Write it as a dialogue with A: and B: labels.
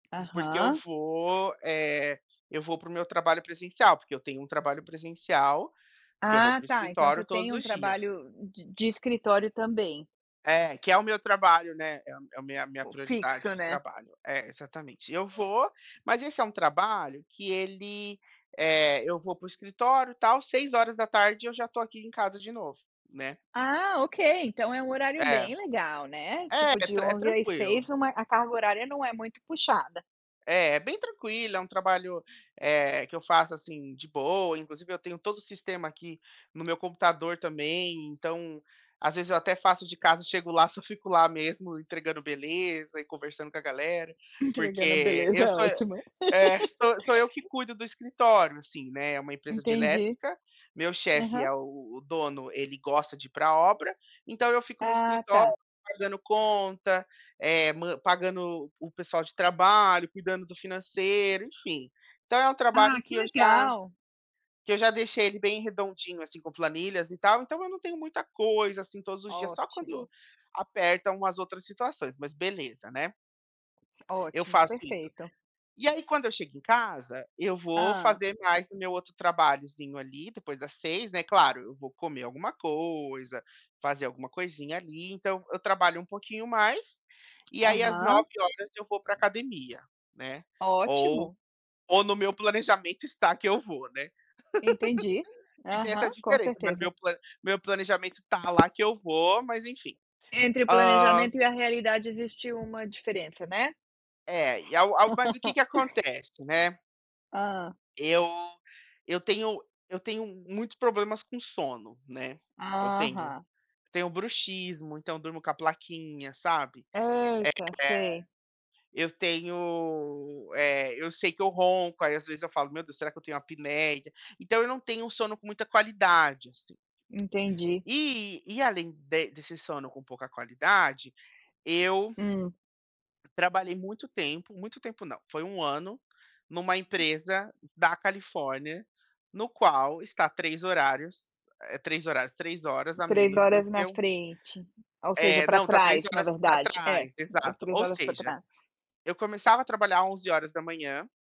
A: Porque eu
B: Aham.
A: vou, eh, eu vou para o meu trabalho presencial, porque eu tenho um trabalho presencial, que eu vou
B: Ah,
A: para o
B: tá, então você
A: escritório
B: tem
A: todos
B: um
A: os dias.
B: trabalho de de escritório também?
A: É, que é o meu trabalho, né. É a m é o minha minha prioridade
B: Fixo,
A: de
B: né?
A: trabalho. É, exatamente. Eu vou, mas esse é um trabalho que ele, eh, eu vou para o escritório, tal, 18h eu já estou aqui em casa de novo, né.
B: Ah, ok. Então é um horário
A: É.
B: bem legal, né.
A: É,
B: Tipo,
A: é
B: de
A: tran é
B: 11 às
A: tranquilo.
B: 6 uma a carga horária não é muito puxada.
A: É, é bem tranquilo, é um trabalho, eh, que eu faço, assim, de boa. Inclusive eu tenho todo o sistema aqui no meu computador também, então às vezes eu até faço de casa, chego lá, só fico lá mesmo entregando beleza e conversando com a galera.
B: Entregando a
A: Porque
B: beleza
A: eu
B: é
A: sou
B: ótimo.
A: É, sou sou eu que cuido do escritório, assim, né. É uma empresa de
B: Entendi.
A: elétrica. Meu chefe
B: Aham.
A: é o o dono, ele gosta de ir pra obra, então eu fico no
B: Ah, tá.
A: escritório pagando conta, eh, man pagando o o pessoal de trabalho, cuidando do financeiro, enfim. Então é um
B: Ah,
A: trabalho que
B: que
A: eu já
B: legal!
A: que eu já deixei ele bem redondinho, assim, com planilhas e tal, então eu não tenho muita coisa, assim, todos os dias. Só quando
B: Ótimo.
A: apertam umas outras situações, mas beleza, né. Eu
B: Ótimo.
A: faço isso.
B: Perfeito.
A: E aí quando eu chego em casa, eu vou
B: Hã.
A: fazer mais o meu outro trabalhozinho ali, depois das 18h, né. Claro, eu vou comer alguma coisa, fazer alguma coisinha ali, então eu trabalho um pouquinho mais, e aí às
B: Aham.
A: 21h eu vou pra academia, né. Ou
B: Ótimo.
A: ou no meu planejamento está que eu vou, né.
B: Entendi,
A: Que tem
B: aham,
A: essa
B: com
A: diferença. Mas
B: certeza.
A: meu plan meu planejamento está lá que eu vou, mas enfim.
B: Entre o planejamento
A: Hã
B: e a realidade existiu uma diferença, né.
A: É, e ao ao mas o que que acontece, né.
B: Hã.
A: Eu eu tenho eu tenho muitos problemas com sono, né. Eu tenho
B: Aham.
A: eu tenho bruxismo, então durmo com a plaquinha, sabe.
B: Eita, sei.
A: Eh, eu tenho, eh, eu sei que eu ronco. Aí, às vezes, eu falo: “Meu Deus, será que eu tenho apneia?”. Então eu não tenho um sono com muita qualidade, assim.
B: Entendi.
A: E e além de desse sono com pouca qualidade, eu
B: Hum.
A: Trabalhei muito tempo muito tempo, não, foi 1 ano numa empresa da Califórnia, no qual está 3 horários, eh, 3 horários, 3 horas a
B: 3
A: menos do
B: horas na
A: que o
B: frente, ou seja,
A: É,
B: para
A: não, está 3
B: trás, na
A: horas pra
B: verdade. É,
A: trás, exato.
B: 3
A: Ou
B: horas para
A: seja,
B: trás.
A: eu começava a trabalhar 11h